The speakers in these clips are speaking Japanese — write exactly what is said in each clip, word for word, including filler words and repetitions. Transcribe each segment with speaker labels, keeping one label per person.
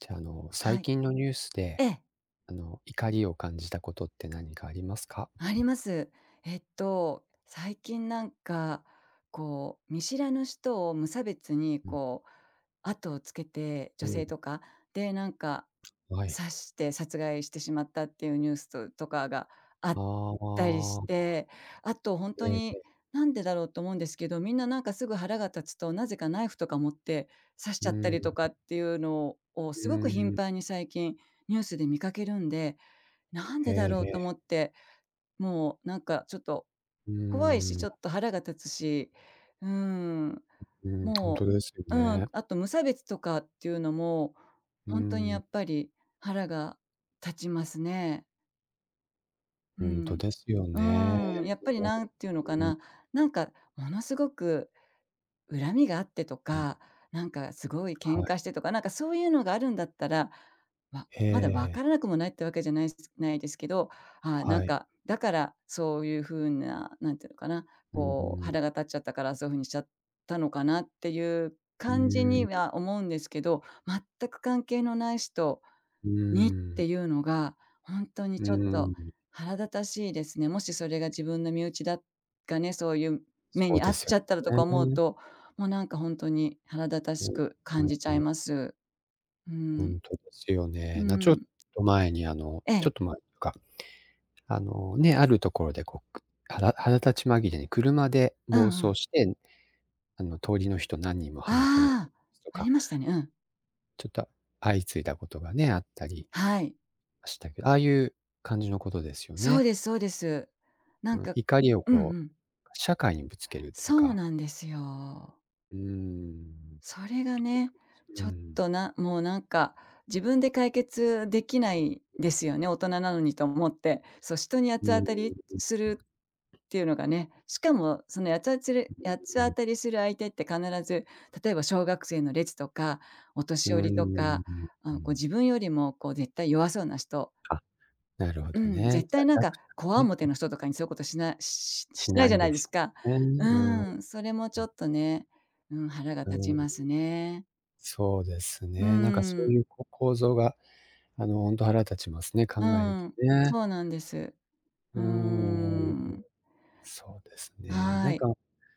Speaker 1: じゃ、あの、
Speaker 2: は
Speaker 1: 最
Speaker 2: い。
Speaker 1: 近のニュースで、
Speaker 2: ええ。
Speaker 1: あの、怒りを感じたことって何かありますか？
Speaker 2: あります。えっと、最近なんか、こう、見知らぬ人を無差別に、
Speaker 1: うん。
Speaker 2: こう、後をつけて女
Speaker 1: う
Speaker 2: 性
Speaker 1: ん。
Speaker 2: とか、...で、なんか、
Speaker 1: う、はい。
Speaker 2: 刺して、殺害してしまったっていうニュースととかがあ
Speaker 1: あ
Speaker 2: っ
Speaker 1: あ、
Speaker 2: たりし
Speaker 1: ああ。
Speaker 2: て、あとほんと
Speaker 1: ええ、
Speaker 2: に、
Speaker 1: へ。
Speaker 2: 「なんでだろう」と思うんですけど、みんななんかすぐ腹が立つと、なぜかナイフとか持って、刺し
Speaker 1: う
Speaker 2: ちゃった
Speaker 1: ん。
Speaker 2: りとかっていうのを
Speaker 1: う
Speaker 2: す
Speaker 1: ー
Speaker 2: ごく
Speaker 1: ん、う
Speaker 2: 頻
Speaker 1: ん。
Speaker 2: 繁に最近ニュースで見かけるんで、「なん
Speaker 1: へ
Speaker 2: でだ
Speaker 1: え、
Speaker 2: ろう」と
Speaker 1: へ。
Speaker 2: 思って、もうなんかちょっと、
Speaker 1: う
Speaker 2: 怖いし、
Speaker 1: ー
Speaker 2: ちょ
Speaker 1: ん。
Speaker 2: っと腹が立つし、うーん、
Speaker 1: うん、ほんと
Speaker 2: も
Speaker 1: ですよ
Speaker 2: ううん、
Speaker 1: ね。
Speaker 2: あと無差別とかっていうのも、
Speaker 1: うー
Speaker 2: ほんとにや
Speaker 1: ん。
Speaker 2: っぱり腹が立ちますね。う
Speaker 1: ほんと
Speaker 2: ん。
Speaker 1: ですよ
Speaker 2: う
Speaker 1: ね。
Speaker 2: ーん、やっぱり
Speaker 1: [unintelligible]
Speaker 2: なんていうのか
Speaker 1: うん。
Speaker 2: な、なんかものすごく恨みがあってと
Speaker 1: うん。
Speaker 2: か、なんかすごい
Speaker 1: は
Speaker 2: 喧嘩
Speaker 1: い。
Speaker 2: してとか、なんかそういうのがあるんだったら、わ
Speaker 1: へ
Speaker 2: まだ、わか
Speaker 1: え。
Speaker 2: らなくもないっていうわけじゃないすすないですけど、ああ、なん
Speaker 1: はい。
Speaker 2: か、だから、そういうふうな、なんていうのかな、
Speaker 1: うん、ふ
Speaker 2: こう、
Speaker 1: ん。
Speaker 2: 腹が立っちゃったから、そういうふうにしちゃったのかなっていう
Speaker 1: うー
Speaker 2: 感じ
Speaker 1: ん、
Speaker 2: に
Speaker 1: ん。
Speaker 2: は思うんですけど、全く関係のない人
Speaker 1: う
Speaker 2: にっ
Speaker 1: ーん。
Speaker 2: ていうのが、ほんとに
Speaker 1: わ
Speaker 2: ち
Speaker 1: わ、
Speaker 2: ょ
Speaker 1: うん
Speaker 2: っ
Speaker 1: う
Speaker 2: と
Speaker 1: ん。
Speaker 2: 腹立たしいですね。もしそれが自分の身内だかね、そういう
Speaker 1: そ
Speaker 2: 目
Speaker 1: う
Speaker 2: に遭
Speaker 1: で
Speaker 2: っ
Speaker 1: す
Speaker 2: ち
Speaker 1: よ
Speaker 2: ゃったらとか思う
Speaker 1: ね。
Speaker 2: と、もうなんかほんとに腹立た
Speaker 1: うん、
Speaker 2: しく
Speaker 1: は
Speaker 2: 感
Speaker 1: い
Speaker 2: じちゃ
Speaker 1: は
Speaker 2: い
Speaker 1: い。
Speaker 2: ます。う
Speaker 1: ほ
Speaker 2: ん。
Speaker 1: んとですよね。
Speaker 2: う
Speaker 1: なちょっ
Speaker 2: ん。
Speaker 1: と前に、あの
Speaker 2: え
Speaker 1: ち
Speaker 2: え。
Speaker 1: ょっと前か。あの、ね、ある所で、こう、く腹腹立ち紛れに車で
Speaker 2: う
Speaker 1: 暴
Speaker 2: んう
Speaker 1: 走
Speaker 2: ん。
Speaker 1: して、あの、通りの人何人も跳ねてな
Speaker 2: ああ。
Speaker 1: と
Speaker 2: あ
Speaker 1: か
Speaker 2: りましたね、うん。
Speaker 1: ちょっと、相次いだことがね、あったり、
Speaker 2: はい。
Speaker 1: したけど、ああいう感じの事ですよ
Speaker 2: そう
Speaker 1: ね。
Speaker 2: ですそうです。なん
Speaker 1: うん、
Speaker 2: か
Speaker 1: 怒りを
Speaker 2: うん
Speaker 1: こ
Speaker 2: う
Speaker 1: う、
Speaker 2: ん。
Speaker 1: 社会にぶつけるという
Speaker 2: そう
Speaker 1: か。
Speaker 2: なんですよ。
Speaker 1: うーん、
Speaker 2: それがね、
Speaker 1: う
Speaker 2: ちょっ
Speaker 1: ん。
Speaker 2: と、なもう何か、自分で解決出来ないですよね、大人なのにと思って。そう、人に八つ
Speaker 1: うー
Speaker 2: 当
Speaker 1: ん。
Speaker 2: たりするって言うのがね。しかも、その、やつあつり八つ
Speaker 1: うー
Speaker 2: 当
Speaker 1: ん。
Speaker 2: たりする相手って、必ず、例えば小学生の列とか、お
Speaker 1: う
Speaker 2: 年
Speaker 1: ー
Speaker 2: 寄
Speaker 1: ん、
Speaker 2: りと
Speaker 1: う
Speaker 2: か、
Speaker 1: ん、
Speaker 2: あ
Speaker 1: う
Speaker 2: の、こう、
Speaker 1: ん。
Speaker 2: 自分よりも、こう、絶対弱そうな人。
Speaker 1: あ、なるほ
Speaker 2: う
Speaker 1: ど
Speaker 2: ん。
Speaker 1: ね、
Speaker 2: 絶
Speaker 1: じゃ、
Speaker 2: 対何か、
Speaker 1: 弱者
Speaker 2: 強
Speaker 1: ね。
Speaker 2: 面の人とかに、そういう事しなしし
Speaker 1: し
Speaker 2: しない
Speaker 1: な
Speaker 2: じゃ
Speaker 1: い
Speaker 2: な
Speaker 1: で
Speaker 2: いで
Speaker 1: す
Speaker 2: すか？
Speaker 1: よ
Speaker 2: う
Speaker 1: ね、うん、う
Speaker 2: ん、それも、ちょ
Speaker 1: ん。
Speaker 2: っとね、うん、腹が立
Speaker 1: う
Speaker 2: ち
Speaker 1: ん。
Speaker 2: ますね。
Speaker 1: そうです
Speaker 2: う
Speaker 1: ね。何か、そ
Speaker 2: ー
Speaker 1: う
Speaker 2: ん。
Speaker 1: いう、こ構造が、あの、ほんと腹立ちますね、考
Speaker 2: う
Speaker 1: えると
Speaker 2: ん、
Speaker 1: ね。
Speaker 2: そうなんです。う
Speaker 1: う
Speaker 2: ー
Speaker 1: ーん、
Speaker 2: ん。
Speaker 1: そうですね。
Speaker 2: あ
Speaker 1: 何
Speaker 2: い。
Speaker 1: か、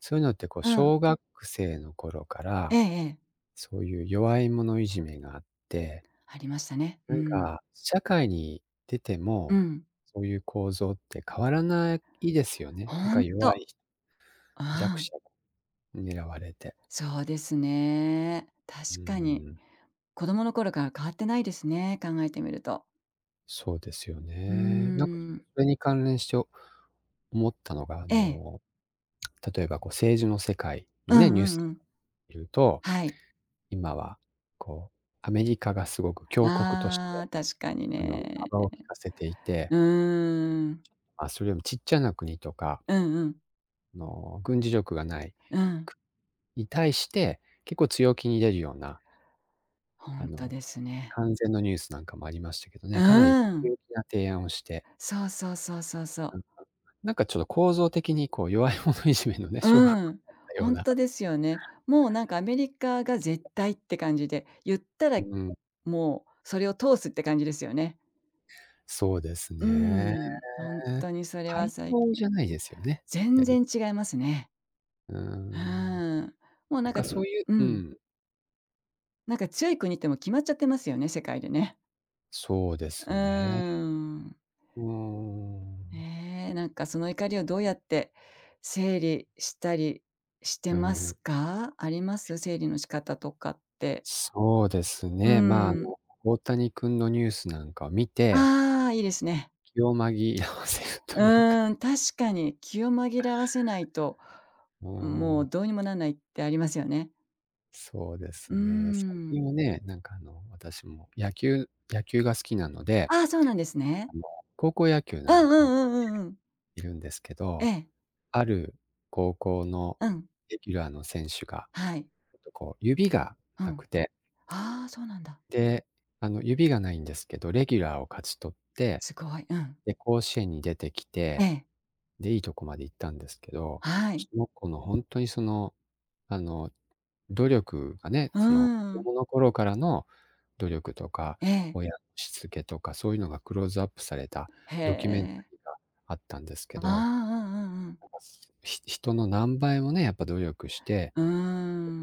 Speaker 1: そういうのって、こう、
Speaker 2: うん。
Speaker 1: 小学生の頃か
Speaker 2: え
Speaker 1: ら、
Speaker 2: えええ。
Speaker 1: そういう、弱い者いじめがあって
Speaker 2: ありましたね、う
Speaker 1: なん
Speaker 2: ん。
Speaker 1: か、社会に出て
Speaker 2: う
Speaker 1: も、
Speaker 2: ん。
Speaker 1: そういう構造って、変わらないですよね、何
Speaker 2: ほ
Speaker 1: か
Speaker 2: んと。
Speaker 1: 弱いひ弱
Speaker 2: あ
Speaker 1: 者
Speaker 2: あ。
Speaker 1: が、狙われて。
Speaker 2: そうですね、確
Speaker 1: うー
Speaker 2: かに。
Speaker 1: ん。
Speaker 2: 子供の頃から、変わってないですね、考えてみると。
Speaker 1: そうですよ
Speaker 2: うー
Speaker 1: ね。な
Speaker 2: ん。
Speaker 1: それに関連しょ思ったのが、あ
Speaker 2: ええ。
Speaker 1: の、例えばこう政治の世界の
Speaker 2: う
Speaker 1: ね、
Speaker 2: ん
Speaker 1: ニュ
Speaker 2: う
Speaker 1: ース
Speaker 2: んうん。
Speaker 1: 見ると、
Speaker 2: はい。
Speaker 1: 今は、こう、アメリカが凄く強国とし
Speaker 2: あ
Speaker 1: て、
Speaker 2: あ、確かに
Speaker 1: あの、
Speaker 2: ね。
Speaker 1: 幅を利かせていて
Speaker 2: うーん。
Speaker 1: あ、それよりもちっちゃな国とか
Speaker 2: うんうん。
Speaker 1: あの、軍事力が無い
Speaker 2: うん。
Speaker 1: くに対して、結構強気に出るような
Speaker 2: ほ
Speaker 1: あ
Speaker 2: んと
Speaker 1: の、
Speaker 2: ですね。
Speaker 1: 関税のニュースなんかもありましたけどね、かなり
Speaker 2: うん。
Speaker 1: 強気な提案をして
Speaker 2: そうそうそうそうそう。
Speaker 1: なんかなんかちょっと構造的にこう弱い者いじめのね小学
Speaker 2: う
Speaker 1: こ
Speaker 2: ん。
Speaker 1: なよ
Speaker 2: ほ
Speaker 1: う
Speaker 2: ん
Speaker 1: な。
Speaker 2: とですよね。もうなんかアメリカが絶対って感じで、言ったら
Speaker 1: うん。
Speaker 2: もうそれを通すって感じですよね。
Speaker 1: そうです
Speaker 2: う
Speaker 1: ね。
Speaker 2: ん。ほんとにそれは
Speaker 1: 対
Speaker 2: 最
Speaker 1: 等
Speaker 2: 近
Speaker 1: じゃないですよね、
Speaker 2: 全
Speaker 1: やり。
Speaker 2: 然違いますね。
Speaker 1: うー
Speaker 2: う
Speaker 1: ん。
Speaker 2: ん。もう
Speaker 1: な
Speaker 2: なん
Speaker 1: ん
Speaker 2: か
Speaker 1: か、そういう
Speaker 2: う
Speaker 1: う
Speaker 2: ん。
Speaker 1: ん。
Speaker 2: なんか強い国ってもう決まっちゃってますよね、世界でね。
Speaker 1: そうで
Speaker 2: うー
Speaker 1: すね。
Speaker 2: ん。
Speaker 1: うーん。
Speaker 2: ねえ、なんかその怒りをどうやって整理したりして
Speaker 1: う
Speaker 2: ます
Speaker 1: ん。
Speaker 2: か？あります？整理の仕方とかって。
Speaker 1: そうです
Speaker 2: う
Speaker 1: ね、まあ、あ
Speaker 2: ん。
Speaker 1: の、大谷君のニュースなんか見て
Speaker 2: ああ、いいですね。
Speaker 1: 気を紛らわせる
Speaker 2: う
Speaker 1: というか
Speaker 2: ーん、確かに気を紛らわせないと。
Speaker 1: う
Speaker 2: うん、
Speaker 1: ー
Speaker 2: もう
Speaker 1: ん。
Speaker 2: どうにもなんないってありますよね。
Speaker 1: そうです
Speaker 2: うー
Speaker 1: ね。最
Speaker 2: ん。
Speaker 1: 近はね、なんかあの、私も野球野球が好きなので、
Speaker 2: ああ、そうなんですね。
Speaker 1: あの高校野球
Speaker 2: う
Speaker 1: なん
Speaker 2: んう
Speaker 1: かを
Speaker 2: んうんうんうん。
Speaker 1: 見るんですけ
Speaker 2: え
Speaker 1: ど。
Speaker 2: え。
Speaker 1: ある高校の
Speaker 2: うん。
Speaker 1: レギュラーの選手が、
Speaker 2: はい。
Speaker 1: えと、こう指が
Speaker 2: う
Speaker 1: な
Speaker 2: ん。
Speaker 1: くて
Speaker 2: ああ、そうなんだ。
Speaker 1: で、あの、指がないんですけど、レギュラーを勝ち取って、
Speaker 2: すごい、うん。
Speaker 1: で、甲子園に出てき
Speaker 2: え
Speaker 1: て、
Speaker 2: え。
Speaker 1: で、いいとこまで行ったんですけど。
Speaker 2: はい。
Speaker 1: その子のほんとにその、あの、努力がね、
Speaker 2: うー
Speaker 1: その、子
Speaker 2: ん。
Speaker 1: 供の頃からの努力とか、
Speaker 2: ええ。
Speaker 1: 親しつけとか、そういうのがクローズアップされた
Speaker 2: へ
Speaker 1: ドキュメンタ
Speaker 2: え。
Speaker 1: リーがあったんですけ
Speaker 2: ああ、
Speaker 1: ど。
Speaker 2: うんうんうん。
Speaker 1: ひ人の何倍もね、やっぱ努力して
Speaker 2: うー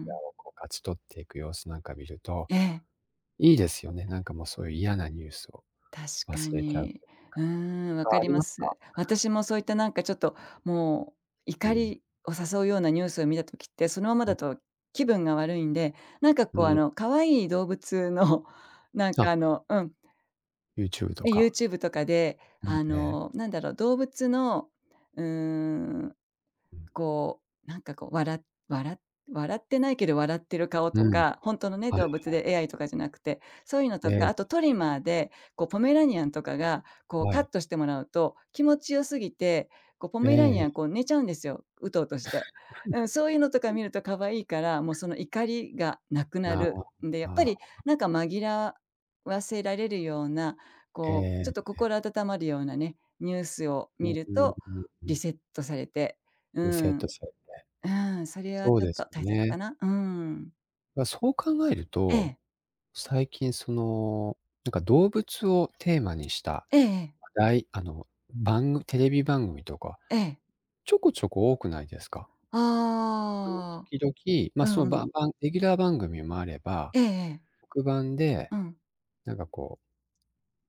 Speaker 2: ん。
Speaker 1: レギュラーをこう勝ち取っていく様子なんか見ると、
Speaker 2: ええ。
Speaker 1: いいですよね。なんかもう、そういう嫌なニュースを
Speaker 2: 確か
Speaker 1: 忘れちゃう
Speaker 2: に。
Speaker 1: ていう
Speaker 2: う
Speaker 1: か。
Speaker 2: ーん、わ
Speaker 1: あ、
Speaker 2: か
Speaker 1: あ
Speaker 2: り
Speaker 1: り
Speaker 2: ま
Speaker 1: ますか？
Speaker 2: す。私もそういったなんかちょっと、もう
Speaker 1: う
Speaker 2: 怒
Speaker 1: ん。
Speaker 2: りを誘うようなニュースを見た時って、そのまま
Speaker 1: う
Speaker 2: だ
Speaker 1: ん。
Speaker 2: と気分が悪いんで、なんか
Speaker 1: う
Speaker 2: こうあ
Speaker 1: ん。
Speaker 2: の、可愛い動物のなん
Speaker 1: あ
Speaker 2: か
Speaker 1: っ。
Speaker 2: あの、うん。
Speaker 1: ユーチューブと
Speaker 2: え、ユー
Speaker 1: か。
Speaker 2: チューブとかで、
Speaker 1: う
Speaker 2: あ
Speaker 1: ん、ええ。
Speaker 2: のなんだろう、動物の、うーん、
Speaker 1: うん。
Speaker 2: こう、なんかこうわらわら笑ってないけど笑ってる顔
Speaker 1: う
Speaker 2: と
Speaker 1: ん。
Speaker 2: か、ほんとのね、
Speaker 1: はいは
Speaker 2: 動物
Speaker 1: い。
Speaker 2: で AI とかじゃなくて、そういうの
Speaker 1: え
Speaker 2: とか、
Speaker 1: え。
Speaker 2: あとトリマーでこうポメラニアンとかが、こう
Speaker 1: は
Speaker 2: カッ
Speaker 1: い。
Speaker 2: トしてもらうと、気持ち良すぎて、こうポ
Speaker 1: ええ
Speaker 2: メラニ
Speaker 1: え
Speaker 2: アン
Speaker 1: え。
Speaker 2: こう寝ちゃうんですよ。うとうとして。うん、そういうのとか 見るとかわいいから、もうその怒りがなくな
Speaker 1: まあ、
Speaker 2: る。んで、やっぱ
Speaker 1: あ
Speaker 2: り
Speaker 1: あ。
Speaker 2: なんか紛らわせられるような、
Speaker 1: え
Speaker 2: こうち
Speaker 1: え。
Speaker 2: ょっと
Speaker 1: え。
Speaker 2: 心温まるようなね、ニュースを
Speaker 1: う
Speaker 2: 見
Speaker 1: ん
Speaker 2: る
Speaker 1: うん
Speaker 2: と、
Speaker 1: うんう
Speaker 2: リ
Speaker 1: ん。
Speaker 2: セットされて、う
Speaker 1: リセット
Speaker 2: ん。
Speaker 1: されて。
Speaker 2: うん、それは
Speaker 1: そう
Speaker 2: ちょっ
Speaker 1: で
Speaker 2: と
Speaker 1: す
Speaker 2: 大切か
Speaker 1: ね。
Speaker 2: な、うん。
Speaker 1: ま、そう考える
Speaker 2: え
Speaker 1: と、
Speaker 2: え。
Speaker 1: 最近その、なんか動物をテーマにした、
Speaker 2: ええええ。
Speaker 1: 話題あの、ばんぐテレビ番組とか、
Speaker 2: ええ。
Speaker 1: ちょこちょこ多くないですか？あの
Speaker 2: ああ。
Speaker 1: 時々、ま、
Speaker 2: う
Speaker 1: その
Speaker 2: んう
Speaker 1: ば
Speaker 2: ん。
Speaker 1: んばんレギュラー番組もあれば、
Speaker 2: ええええ。
Speaker 1: 特番で
Speaker 2: うん。
Speaker 1: なんかこう、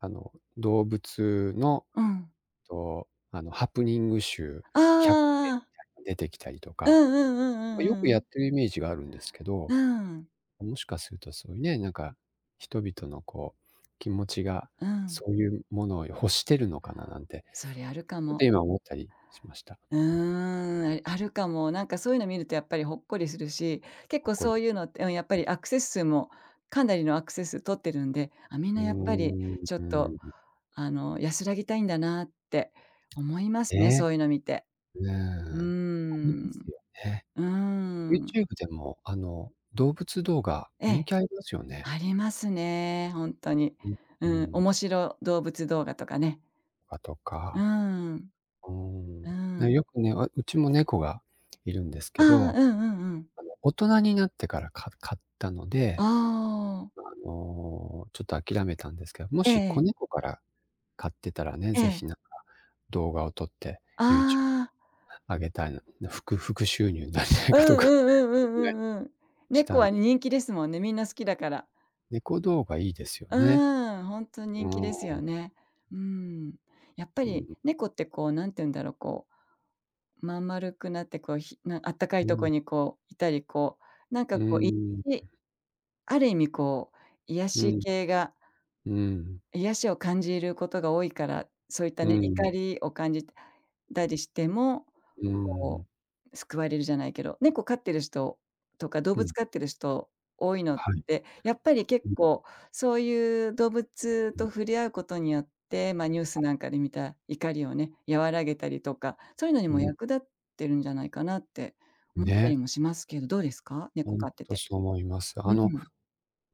Speaker 1: あの、動物の
Speaker 2: うん。
Speaker 1: と、あの、ハプニング集
Speaker 2: あ
Speaker 1: 百選み
Speaker 2: あ。
Speaker 1: たいなの出てきたりと
Speaker 2: う
Speaker 1: か、
Speaker 2: んうんう
Speaker 1: ま、
Speaker 2: ん
Speaker 1: よ
Speaker 2: う
Speaker 1: く
Speaker 2: んう
Speaker 1: やっ
Speaker 2: ん。
Speaker 1: てるイメージがあるんですけ
Speaker 2: う
Speaker 1: ど、
Speaker 2: ん。
Speaker 1: もしかするとそういうね、なんか、人々のこう気持ちが、
Speaker 2: うん。
Speaker 1: そういうものを欲してるのかななんて。
Speaker 2: それあるか
Speaker 1: っ
Speaker 2: も。
Speaker 1: て今思ったりしました。
Speaker 2: うーん、ああるかも。なんかそういうの見るとやっぱりほっこりするし、結
Speaker 1: ほっ
Speaker 2: 構
Speaker 1: こ
Speaker 2: そ
Speaker 1: り。
Speaker 2: ういうのってうんやっぱ
Speaker 1: うん。
Speaker 2: り、アクセス数もかなりのアクセス数取ってるんで、あ、みん
Speaker 1: う
Speaker 2: な
Speaker 1: ー
Speaker 2: やっぱり
Speaker 1: ん。う
Speaker 2: ちょっと
Speaker 1: ーん。
Speaker 2: あの安らぎたいんだなって思いますね、
Speaker 1: ね。
Speaker 2: そういうの見て。
Speaker 1: うん。
Speaker 2: うー
Speaker 1: あります
Speaker 2: ん。
Speaker 1: よね。
Speaker 2: うーん。
Speaker 1: YouTube でも、あの、動物動画
Speaker 2: え
Speaker 1: 人
Speaker 2: え、
Speaker 1: 気ありますよね。
Speaker 2: ありますね、本当に。
Speaker 1: ううー
Speaker 2: うん、
Speaker 1: ん。
Speaker 2: 面白動物動画とかね。
Speaker 1: あ、と
Speaker 2: う
Speaker 1: か。
Speaker 2: ん。
Speaker 1: うーん、
Speaker 2: う
Speaker 1: ね、
Speaker 2: ん。
Speaker 1: よくね、わうちも猫がいるんです
Speaker 2: あ
Speaker 1: けど、
Speaker 2: あ、うんうんうん。
Speaker 1: あの、大人になってからか飼ったの
Speaker 2: あ
Speaker 1: で、
Speaker 2: あ。
Speaker 1: あの、ちょっと諦めたんですけど、も
Speaker 2: え
Speaker 1: し子
Speaker 2: え。
Speaker 1: 猫から飼ってたらね、
Speaker 2: え
Speaker 1: 是
Speaker 2: え。
Speaker 1: 非なんか、動画を撮って、YouTube
Speaker 2: ああ。
Speaker 1: あげたいな、副副収入なんじゃない
Speaker 2: う
Speaker 1: かと
Speaker 2: んう
Speaker 1: か、
Speaker 2: んうんうんう
Speaker 1: [unintelligible]
Speaker 2: んうん。
Speaker 1: し
Speaker 2: 猫
Speaker 1: たん。
Speaker 2: は人気ですもんね、みんな好きだから。
Speaker 1: 猫動画いいですよね。
Speaker 2: うん、本当に人
Speaker 1: う
Speaker 2: 気ですよ
Speaker 1: ん。
Speaker 2: ね。うん。やっぱ
Speaker 1: う
Speaker 2: り
Speaker 1: ん。
Speaker 2: 猫ってこうなんて言うんだろう、こう、まん丸くなってこうひなあったかい
Speaker 1: う
Speaker 2: ところ
Speaker 1: ん。
Speaker 2: にこういたり、こう、なんか
Speaker 1: う
Speaker 2: こう、い
Speaker 1: ん。
Speaker 2: ちある意味こう、癒
Speaker 1: う
Speaker 2: し
Speaker 1: ん。
Speaker 2: 系が
Speaker 1: うん。うん。
Speaker 2: 癒しを感じることが多いから、そういった
Speaker 1: う
Speaker 2: ね、怒
Speaker 1: ん。
Speaker 2: りを感じたりしても、
Speaker 1: う
Speaker 2: こ
Speaker 1: ん。
Speaker 2: う救われるじゃないけど、猫飼ってる人とか動
Speaker 1: う
Speaker 2: 物
Speaker 1: ん。
Speaker 2: 飼ってる人多いの
Speaker 1: はい。
Speaker 2: で、やっぱり結
Speaker 1: [unintelligible]
Speaker 2: 構そういう動物と触れ合うことによって、ま、ニュースなんかで見た怒りをね、和らげたりとか、そういうのに
Speaker 1: う
Speaker 2: も
Speaker 1: ん。
Speaker 2: 役立ってるんじゃないかなって思った
Speaker 1: ね。
Speaker 2: りもしますけど、どうですか。猫
Speaker 1: 本
Speaker 2: 飼って
Speaker 1: 当
Speaker 2: て。
Speaker 1: そう思います。
Speaker 2: う
Speaker 1: あの、
Speaker 2: ん。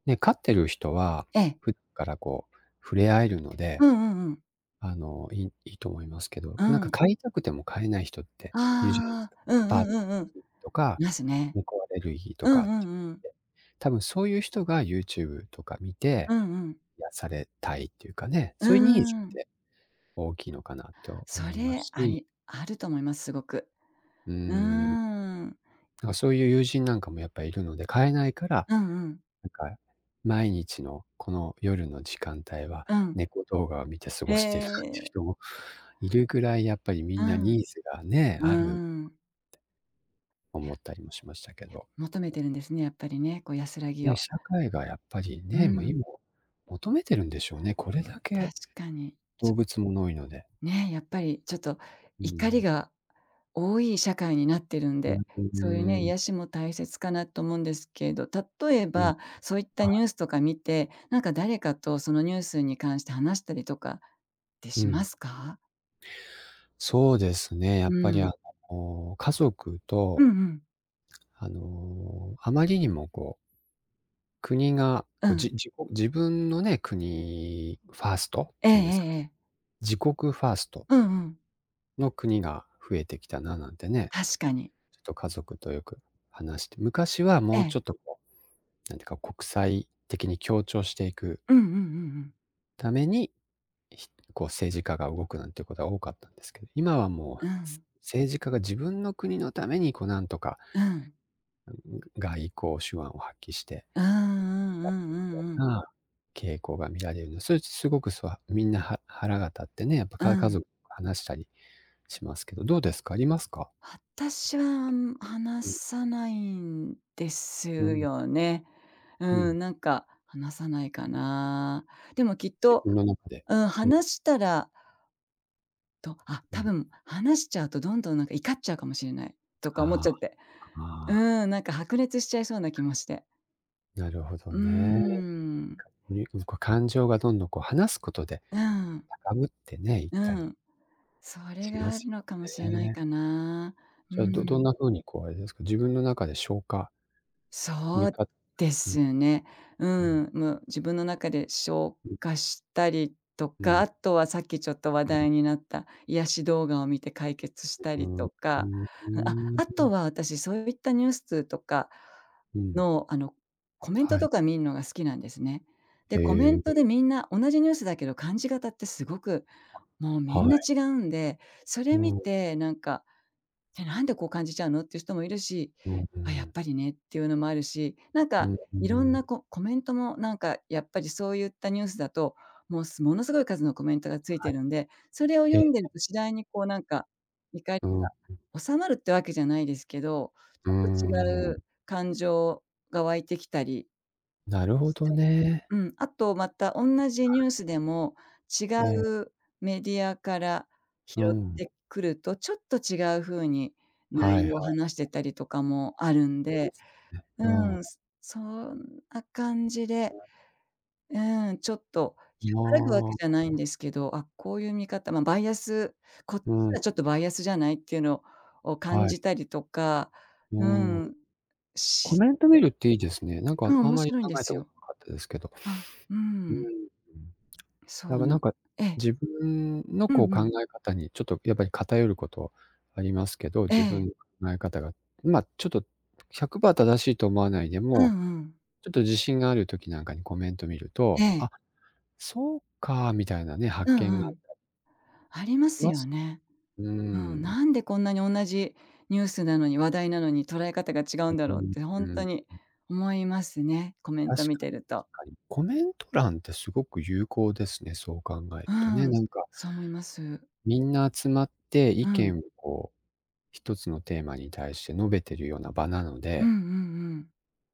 Speaker 1: ね、飼ってる人は、
Speaker 2: ええ。
Speaker 1: ふからこう触れ合えるので、
Speaker 2: うんうんうん。
Speaker 1: あの、良い良いと思いますけど、
Speaker 2: う
Speaker 1: なんか
Speaker 2: ん。
Speaker 1: 飼いたくても飼えない人っているじゃないです
Speaker 2: あ
Speaker 1: か。
Speaker 2: あ、う
Speaker 1: ア
Speaker 2: ん
Speaker 1: パ
Speaker 2: う
Speaker 1: ート
Speaker 2: んうんうん。
Speaker 1: とか、
Speaker 2: ますね。
Speaker 1: 猫アレルギー
Speaker 2: う
Speaker 1: と
Speaker 2: ん
Speaker 1: か
Speaker 2: う
Speaker 1: つ
Speaker 2: ん
Speaker 1: っ
Speaker 2: うん。
Speaker 1: て。多分そういう人が YouTube とか見て、
Speaker 2: うんうん。
Speaker 1: 癒されたいっていうかね、
Speaker 2: う
Speaker 1: そういうニーズっ
Speaker 2: ん。
Speaker 1: て大きいのかなと
Speaker 2: そ
Speaker 1: 思いま
Speaker 2: れ、
Speaker 1: す
Speaker 2: あ
Speaker 1: し。
Speaker 2: りあると思います、すごく。
Speaker 1: うー
Speaker 2: う
Speaker 1: ん。なん
Speaker 2: ーん。
Speaker 1: か、そういう友人なんかもやっぱりいるので、飼えないから、
Speaker 2: うんうん。
Speaker 1: なんか、毎日のこの夜の時間帯は、
Speaker 2: うん。
Speaker 1: 猫動画を見て過
Speaker 2: へ
Speaker 1: ごしてるっていう
Speaker 2: え。
Speaker 1: 人もいるぐらいやっぱりみ
Speaker 2: う
Speaker 1: んな
Speaker 2: ん。
Speaker 1: ニーズがね、
Speaker 2: う
Speaker 1: ある
Speaker 2: ん。
Speaker 1: 思っ たりもしましたけど。
Speaker 2: 求めてるんですね、やっぱりね、こう安らぎ
Speaker 1: ね、
Speaker 2: を。
Speaker 1: 社会がやっぱり
Speaker 2: う
Speaker 1: ね、もう
Speaker 2: ん。
Speaker 1: 今求めてるんでしょうね。これだ
Speaker 2: 確
Speaker 1: け、
Speaker 2: かに。
Speaker 1: 動物もの多いので。
Speaker 2: ね、やっぱりちょっと
Speaker 1: う
Speaker 2: 怒り
Speaker 1: ん。
Speaker 2: が多い社会になってるん
Speaker 1: う
Speaker 2: で、そういう
Speaker 1: ー
Speaker 2: ね、癒
Speaker 1: ん。
Speaker 2: しも大切かなと思うんですけど、例え
Speaker 1: うん。
Speaker 2: ばそういった
Speaker 1: は
Speaker 2: ニュ
Speaker 1: い。
Speaker 2: ースとか見て、なんか誰かとそのニュースに関して話したりとかって
Speaker 1: う
Speaker 2: しま
Speaker 1: ん。
Speaker 2: すか？
Speaker 1: そうですね、や
Speaker 2: う
Speaker 1: っぱり
Speaker 2: ん。
Speaker 1: あの、家族
Speaker 2: う
Speaker 1: と
Speaker 2: んうん。
Speaker 1: あの、あまりにもこう国が、
Speaker 2: う
Speaker 1: こう、
Speaker 2: ん。
Speaker 1: じじ自分のね、国ファーストって
Speaker 2: えええ
Speaker 1: 言うんですか
Speaker 2: え
Speaker 1: ね。
Speaker 2: ええ。
Speaker 1: 自国ファースト
Speaker 2: うんうん。
Speaker 1: の国が増えてきたななんてね。
Speaker 2: 確かに。
Speaker 1: ちょっと家族とよく話して。昔は
Speaker 2: え
Speaker 1: もう
Speaker 2: え。
Speaker 1: ちょっとこう、なんていうか、国際的に協調していく
Speaker 2: うんうんうんうん。
Speaker 1: ために、ひこう政治家が動くなんてことが多かったんですけど、今はも
Speaker 2: う
Speaker 1: う
Speaker 2: ん。
Speaker 1: 政治家が自分の国のためにこうなんとか
Speaker 2: うん。
Speaker 1: 外交手腕を発揮してやって
Speaker 2: う
Speaker 1: い
Speaker 2: ーん、
Speaker 1: く
Speaker 2: うんうんう
Speaker 1: よ
Speaker 2: んう
Speaker 1: う
Speaker 2: ん。
Speaker 1: な、傾向が見られるんです。それってすごくすわみんな、は腹が立ってね、やっぱ
Speaker 2: う
Speaker 1: か家
Speaker 2: ん。
Speaker 1: 族と話したりしますけど、どうですか、ありますか？
Speaker 2: 私は、あん話
Speaker 1: うん。
Speaker 2: さないんです
Speaker 1: うん。
Speaker 2: よね。
Speaker 1: う
Speaker 2: う
Speaker 1: ん。
Speaker 2: ん、なんか、話さないかな。でもきっ
Speaker 1: 自
Speaker 2: と、
Speaker 1: 分の中で。
Speaker 2: うん、
Speaker 1: うん。
Speaker 2: 話したらと、あ、
Speaker 1: う
Speaker 2: 多
Speaker 1: ん。
Speaker 2: 分話しちゃうとどんどんなんか怒っちゃうかもしれないとか思っ
Speaker 1: あ
Speaker 2: ち
Speaker 1: あ、
Speaker 2: ゃって。う
Speaker 1: ああ。
Speaker 2: ん、なんか白熱しちゃいそうな気 もして。
Speaker 1: なるほど
Speaker 2: う
Speaker 1: ね。
Speaker 2: ん。
Speaker 1: にうん、こう、感情がどんどんこう話す事で
Speaker 2: うん。
Speaker 1: 高ぶってね、いっ
Speaker 2: う
Speaker 1: たり。
Speaker 2: ん。それ
Speaker 1: し
Speaker 2: が
Speaker 1: ま
Speaker 2: ある
Speaker 1: す
Speaker 2: のかもしれ
Speaker 1: よ
Speaker 2: ない
Speaker 1: ね。
Speaker 2: かな。う
Speaker 1: じゃあ、どどん
Speaker 2: ん。
Speaker 1: な風にこうあれですか、自分の中で消化 う
Speaker 2: そ
Speaker 1: ん。
Speaker 2: うですね。う
Speaker 1: うん。
Speaker 2: ん、む自分の中で消
Speaker 1: うん。
Speaker 2: 化したりと
Speaker 1: う
Speaker 2: か、
Speaker 1: ん。
Speaker 2: あとはさっきちょっと話
Speaker 1: うん。
Speaker 2: 題になった癒し動画を見て解決した
Speaker 1: う
Speaker 2: り
Speaker 1: ん、う
Speaker 2: とか、
Speaker 1: ん、う
Speaker 2: あ、あ
Speaker 1: ー
Speaker 2: と
Speaker 1: ん。
Speaker 2: は私そういったニュースとか
Speaker 1: うん。
Speaker 2: の、あの、コメント
Speaker 1: は
Speaker 2: と
Speaker 1: い。
Speaker 2: か見んのが好きなんですね。で、コメ
Speaker 1: へ
Speaker 2: ントで
Speaker 1: え。
Speaker 2: みんな同じニュースだけど感じ方ってすごくもう
Speaker 1: あ、
Speaker 2: みん
Speaker 1: は
Speaker 2: な
Speaker 1: い。
Speaker 2: 違うんで、それ
Speaker 1: う
Speaker 2: 見
Speaker 1: ん。
Speaker 2: てなんか「え、なんでこう感じちゃうの」っていう人もいるし
Speaker 1: うんう
Speaker 2: 「あ、やっ
Speaker 1: ん。
Speaker 2: ぱりね」っていうのもあるし、なん
Speaker 1: う
Speaker 2: か
Speaker 1: ん、う
Speaker 2: いろんな
Speaker 1: ん。
Speaker 2: こコメントもなんか、やっぱりそういったニュースだと、もうすものすごい数のコメントがつい
Speaker 1: は
Speaker 2: て
Speaker 1: い。
Speaker 2: るんで、それを
Speaker 1: え
Speaker 2: 読ん
Speaker 1: え。
Speaker 2: でると次第にこうなんか、怒り
Speaker 1: うん、うん。
Speaker 2: が収まるっていうわけじゃないですけど、
Speaker 1: うー
Speaker 2: ちょっと違う
Speaker 1: ん。
Speaker 2: 感情が湧いてきたり
Speaker 1: なるほ
Speaker 2: し
Speaker 1: ど
Speaker 2: て、
Speaker 1: ね。
Speaker 2: うん、あとまた、おんなじ
Speaker 1: は
Speaker 2: ニ
Speaker 1: い。
Speaker 2: ュースでも違
Speaker 1: ええ。
Speaker 2: うメディアから拾
Speaker 1: う
Speaker 2: っ
Speaker 1: ん。
Speaker 2: てくると、ちょっと違う風に
Speaker 1: は
Speaker 2: 内
Speaker 1: いは
Speaker 2: 容を
Speaker 1: い。
Speaker 2: 話してたりとかもあるんで。う
Speaker 1: う
Speaker 2: ん、
Speaker 1: ん。
Speaker 2: そんな感じ
Speaker 1: う
Speaker 2: で、
Speaker 1: ん。
Speaker 2: うーん、ちょっと
Speaker 1: ま
Speaker 2: 和らぐわけ
Speaker 1: あ。
Speaker 2: じゃないんですけど、あ、こういう見方まあバイアス、「こっち
Speaker 1: う
Speaker 2: は
Speaker 1: ん。
Speaker 2: ちょっとバイアスじゃない？」っていうのを感
Speaker 1: はい。
Speaker 2: じたりとか
Speaker 1: う
Speaker 2: う
Speaker 1: ーん。
Speaker 2: ん、
Speaker 1: コ
Speaker 2: し
Speaker 1: メント
Speaker 2: て。
Speaker 1: 見るっていいですね。なんか
Speaker 2: うん、
Speaker 1: あん
Speaker 2: 面
Speaker 1: まり
Speaker 2: 白いん
Speaker 1: 考
Speaker 2: で
Speaker 1: え
Speaker 2: す
Speaker 1: たこと
Speaker 2: よ。
Speaker 1: なかったですけど。
Speaker 2: あ、う
Speaker 1: うーん。
Speaker 2: ん。
Speaker 1: だ
Speaker 2: そ
Speaker 1: か
Speaker 2: う
Speaker 1: らなん
Speaker 2: な
Speaker 1: か、
Speaker 2: ええ。
Speaker 1: 自分の
Speaker 2: う
Speaker 1: こう
Speaker 2: んう
Speaker 1: 考
Speaker 2: ん。
Speaker 1: え方にちょっとやっぱり偏る事ありますけど、
Speaker 2: え
Speaker 1: 自
Speaker 2: え。
Speaker 1: 分の考え方が。ま、ちょっとひゃくパー正しいと思わないで
Speaker 2: うん
Speaker 1: も、
Speaker 2: うん。
Speaker 1: ちょっと自信がある時なんかにコメント見る
Speaker 2: え
Speaker 1: と
Speaker 2: え。
Speaker 1: 「あ、そうか」みたいなね、
Speaker 2: う
Speaker 1: 発見
Speaker 2: んう
Speaker 1: が
Speaker 2: ん。ありま
Speaker 1: し
Speaker 2: す
Speaker 1: ま
Speaker 2: よ
Speaker 1: す。
Speaker 2: ね。
Speaker 1: うー
Speaker 2: うん、
Speaker 1: ん。
Speaker 2: なんでこんなに同じニュースなのに、話題なのに捉え方が違うんだ
Speaker 1: う、
Speaker 2: ろ
Speaker 1: う
Speaker 2: うっ
Speaker 1: ん
Speaker 2: てほ
Speaker 1: う
Speaker 2: んっ
Speaker 1: ん、
Speaker 2: と
Speaker 1: ん。
Speaker 2: に思いますね。コメント
Speaker 1: 確
Speaker 2: 見
Speaker 1: か
Speaker 2: て
Speaker 1: に
Speaker 2: ると。
Speaker 1: 確かに。コメント欄って凄く有効ですね、そう考える
Speaker 2: う
Speaker 1: とね。
Speaker 2: ん、
Speaker 1: なんか
Speaker 2: そう思います。
Speaker 1: みんな集まって、意
Speaker 2: うん。
Speaker 1: 見をこう、一つのテーマに対して述べてるような場なの
Speaker 2: うんう
Speaker 1: で
Speaker 2: んうん。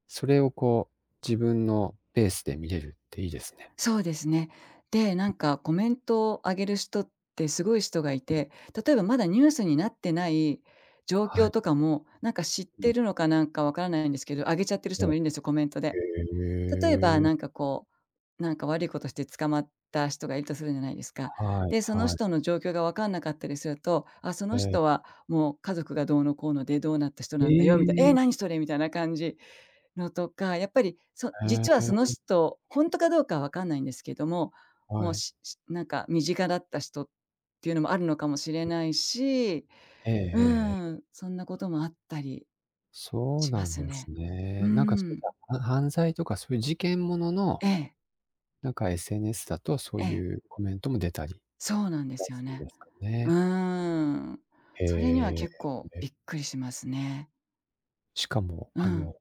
Speaker 1: それをこう自分のペースで見れるっていいですね。
Speaker 2: そうですね。で、なんかコメントを上げる人ってすごい人がい
Speaker 1: うん。
Speaker 2: て、例えばまだニュースになってない状
Speaker 1: は
Speaker 2: 況
Speaker 1: い。
Speaker 2: とかも、なんか知っ
Speaker 1: う
Speaker 2: て
Speaker 1: ん。
Speaker 2: るのかなんかわからないんですけど、上げちゃってる
Speaker 1: え
Speaker 2: 人
Speaker 1: え。
Speaker 2: もいるんですよ、コメントで。例えば
Speaker 1: へ
Speaker 2: な
Speaker 1: え。
Speaker 2: んか、こう、なんか悪いことして捕まった人がいるとするじゃないですか。
Speaker 1: はい、
Speaker 2: で、その
Speaker 1: はい。
Speaker 2: 人の状況がわかんなかったりすると、「あ、そ
Speaker 1: え
Speaker 2: の
Speaker 1: え。
Speaker 2: 人はもう家族がどうのこうので、どうなった人なんだよ」みたい、「え
Speaker 1: え
Speaker 2: え、
Speaker 1: え。
Speaker 2: なにそれ」みたいな感じ。のとか、やっぱりそ
Speaker 1: へ
Speaker 2: 実はその
Speaker 1: え。
Speaker 2: 人、本当かどうかはわかんないんですけども、
Speaker 1: は
Speaker 2: もう
Speaker 1: い。
Speaker 2: ししなんか身近だった人っていうのもあるのかもしれないし、
Speaker 1: えええ
Speaker 2: う
Speaker 1: えええ。
Speaker 2: ーん、そんなこともあったり、
Speaker 1: そう
Speaker 2: しま
Speaker 1: なん
Speaker 2: す
Speaker 1: で
Speaker 2: ね。
Speaker 1: す
Speaker 2: う
Speaker 1: ね。
Speaker 2: ー
Speaker 1: なんか
Speaker 2: ん。
Speaker 1: は犯罪とかそういう事件物の、
Speaker 2: ええ。
Speaker 1: なんか SNS だとそう
Speaker 2: ええ。
Speaker 1: いうコメントも出たり、
Speaker 2: そうなんですよ ね。
Speaker 1: ですか
Speaker 2: う
Speaker 1: ね。
Speaker 2: ーん。
Speaker 1: へ
Speaker 2: それには
Speaker 1: え、
Speaker 2: 結構
Speaker 1: へ
Speaker 2: び
Speaker 1: い。
Speaker 2: っくりしますね。
Speaker 1: しかも、
Speaker 2: う
Speaker 1: あ
Speaker 2: ん。
Speaker 1: の、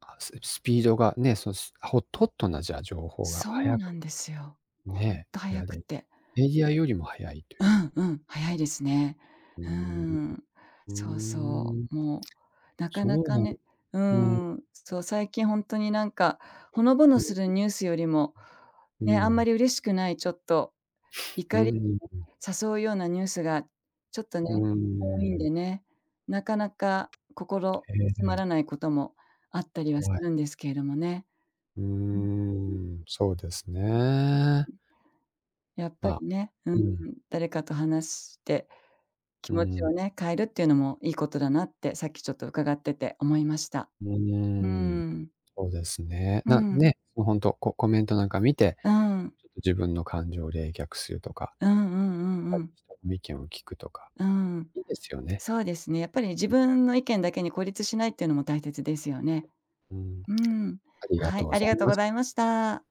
Speaker 1: あ、ススピードがね、そのスホットホットなじゃあ情報が
Speaker 2: そう
Speaker 1: 早
Speaker 2: な
Speaker 1: く
Speaker 2: んですよ。ほん
Speaker 1: ね。
Speaker 2: と
Speaker 1: 得
Speaker 2: 早
Speaker 1: ら
Speaker 2: く
Speaker 1: れ
Speaker 2: て。
Speaker 1: メディアよりも早いとい
Speaker 2: う
Speaker 1: う。
Speaker 2: んうん。早いですね。
Speaker 1: うー
Speaker 2: うー
Speaker 1: ん、
Speaker 2: ん、
Speaker 1: う
Speaker 2: そうそ
Speaker 1: ーん。
Speaker 2: う、もう、なかな
Speaker 1: そう
Speaker 2: か
Speaker 1: なん
Speaker 2: ね、うー
Speaker 1: うん。
Speaker 2: ん、そう、最近本当になんか、ほのぼのする ニュースよりも、
Speaker 1: う
Speaker 2: ね、あんま
Speaker 1: ん。
Speaker 2: り嬉しくない、ちょっと
Speaker 1: うー
Speaker 2: 怒
Speaker 1: ん、
Speaker 2: り
Speaker 1: うん。
Speaker 2: 誘うようなニュースがちょっとね、
Speaker 1: うー
Speaker 2: 多いん
Speaker 1: ん。
Speaker 2: でね、なかなか心
Speaker 1: へ
Speaker 2: 休ま
Speaker 1: え。
Speaker 2: らないこともあったりはす
Speaker 1: おえ。
Speaker 2: るんですけれどもね。
Speaker 1: うー
Speaker 2: うん。
Speaker 1: ん、そうですね。
Speaker 2: やっぱ
Speaker 1: ま
Speaker 2: り
Speaker 1: あ、
Speaker 2: ね、う
Speaker 1: う
Speaker 2: んう
Speaker 1: ん。
Speaker 2: ん、誰かと話して、気
Speaker 1: うー
Speaker 2: 持ちを
Speaker 1: ん。
Speaker 2: ね、変えるっていうのもいいことだなって、さっきちょっと伺ってて思いました。
Speaker 1: う
Speaker 2: う
Speaker 1: ーん。
Speaker 2: ん。
Speaker 1: そうですね。
Speaker 2: う
Speaker 1: な
Speaker 2: ん。
Speaker 1: ね、もうほんと、ココメントなんか見て、
Speaker 2: うん。
Speaker 1: ちょっと自分の感情を冷却するとか、
Speaker 2: うんうんうん うん。
Speaker 1: しとのみけんを聞くとか、
Speaker 2: うん。
Speaker 1: いいですよね。
Speaker 2: そうですね。やっぱり自分の意見だけに孤立しないっていうのも大切ですよね。
Speaker 1: うん。
Speaker 2: うん、
Speaker 1: ありが
Speaker 2: は
Speaker 1: と
Speaker 2: い、
Speaker 1: うご
Speaker 2: あり
Speaker 1: ざい
Speaker 2: がとう
Speaker 1: ま
Speaker 2: ご
Speaker 1: し
Speaker 2: ざい
Speaker 1: た。
Speaker 2: ました。